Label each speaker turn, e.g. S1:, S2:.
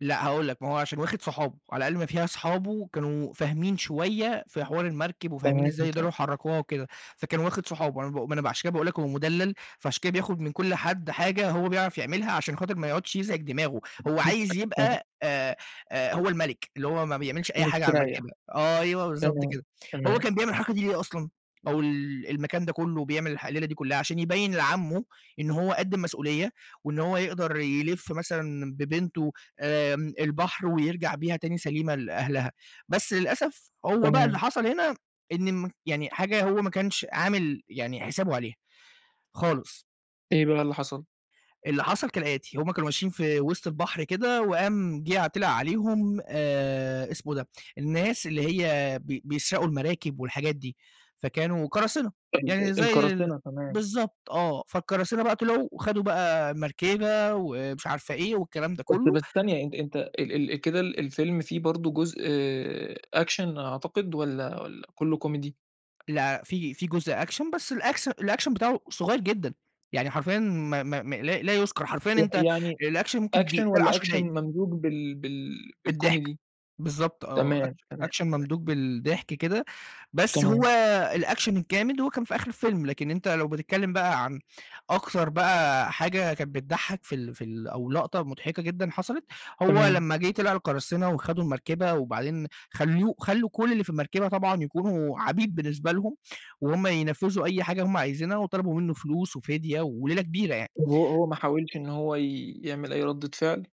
S1: لأ هاقول لك، ما هو عشان واخد صحابه، وعلى أقل ما فيها أصحابه كانوا فاهمين شوية في حوار المركب، وفاهمين
S2: تمام
S1: إزاي
S2: و
S1: يقدروا
S2: [unintelligible]
S1: يحركوها وكده، فكان واخد صُحابه أنا باقو ما أنا بقى عشان كده باقول لك هو مُدلَّل، فعشان كده بياخد من كل حد حاجة هو بيعرف يعملها، عشان خاطر ما يقعدش يزعج دماغه، هو عايز
S2: [unintelligible]
S1: يبقى آآ آآ هو الملك، اللي هو ما بيعملش أي حاجة على
S2: ومستريّح.
S1: المركبة أيوه بالضبط
S2: تمام،
S1: كده. هو
S2: تمام.
S1: كان بيعمل الحركة دي ليه أصلًا؟ أو ال المكان ده كُلّه بيعمل الح الليلة دي كُلّها، عشان يبيّن لعمه إن هو قد المسؤولية، وإن هو يقدر يِلِف مثلًا ببنته آمم البحر ويرجع بيها تاني سليمة لأهلها، بس للأسف هو بقى اللي
S2: تمام.
S1: حصل هنا إن مك يعني حاجة هو ما كانش عامل يعني حسابه عليها خالص.
S2: إيه بقى اللي حصل؟
S1: اللي حصل كالآتي، هُم كانوا ماشيين في وِسط البحر كده، وقام جِه ع طِلِع عليهم آآ اسمه إيه ده، الناس اللي هي بي بيسرقوا المراكب والحاجات دي، فكانوا قراصنة يعني
S2: ال أ
S1: زي ال
S2: القراصنة، تمام.
S1: بالضبط آه، فالقراصنة بقى طلعوا، وخدوا بقى مركبة ومش عارفة إيه والكلام ده
S2: طَب طَب
S1: كُلّه.
S2: استَنّي إد أنت ال ال كده الفيلم فيه برضه جزء Action أعتقد؟ والّا والّا كُلّه كوميدي؟
S1: لأ، في في جزء Action بس الأكس الAction بتاعُه صُغيّر جدًا، يعني حرفيًا ما ما ما لا لا يُذكر، حرفيًا
S2: [unintelligible]
S1: أنت
S2: يعني
S1: الAction ممكن
S2: Action
S1: دي تلا
S2: والّا
S1: 10
S2: Action
S1: دقايق.
S2: ممزوج بال بال
S1: بالضحك.
S2: بالكوميدي؟
S1: بالضبط آه،
S2: تمام،
S1: أكش
S2: تمام،
S1: Action
S2: تمام.
S1: ممدوج بالضحك كده، بس هو
S2: تمام.
S1: الAction الجامد، هو كان في آخر الفيلم، لكن أنت لو بتتكلم بقى عن أكتر بقى حاجة كانت بتضحّك في ال في ال أو لقطة مضحكة جدًا حصلت، هو
S2: تمام.
S1: لمّا جِه طِلع القراصنة وخدوا المركبة، وبعدين خلّوه خلّوا كل اللي في المركبة طبعًا يكونوا عبيد بالنسبة لهم وهُم ينفذوا أي حاجة هُم عايزينها، وطلبوا منُّه فلوس وفِدية وليلة كبيرة يعني.
S2: وهو هو ما حاولش إن هو ي يعمل أي ردّة فعل؟